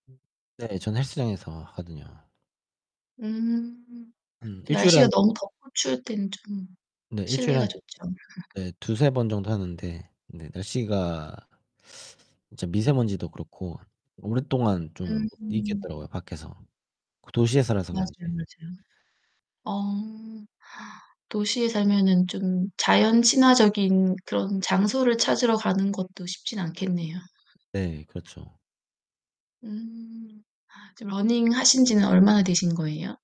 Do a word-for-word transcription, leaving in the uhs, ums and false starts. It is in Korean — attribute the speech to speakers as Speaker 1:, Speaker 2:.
Speaker 1: 음 네 저는 헬스장에서 하거든요.
Speaker 2: 음.
Speaker 1: 한 일 주일에
Speaker 2: 날씨가
Speaker 1: 한
Speaker 2: 너무 덥고 추울 때는 좀
Speaker 1: 네 일 주일에
Speaker 2: 실내가
Speaker 1: 한
Speaker 2: 좋죠.
Speaker 1: 네 두세 번 정도 하는데 네 날씨가 이제 미세먼지도 그렇고 오랫동안 좀 못
Speaker 2: 음.
Speaker 1: 있겠더라고요 밖에서. 그 도시에 살아서
Speaker 2: 맞아요,
Speaker 1: 그런지.
Speaker 2: 맞아요. 어. 도시에 살면은 좀 자연 친화적인 그런 장소를 찾으러 가는 것도 쉽진 않겠네요.
Speaker 1: 네, 그렇죠.
Speaker 2: 음. 아 지금 러닝 하신지는 얼마나 되신 거예요?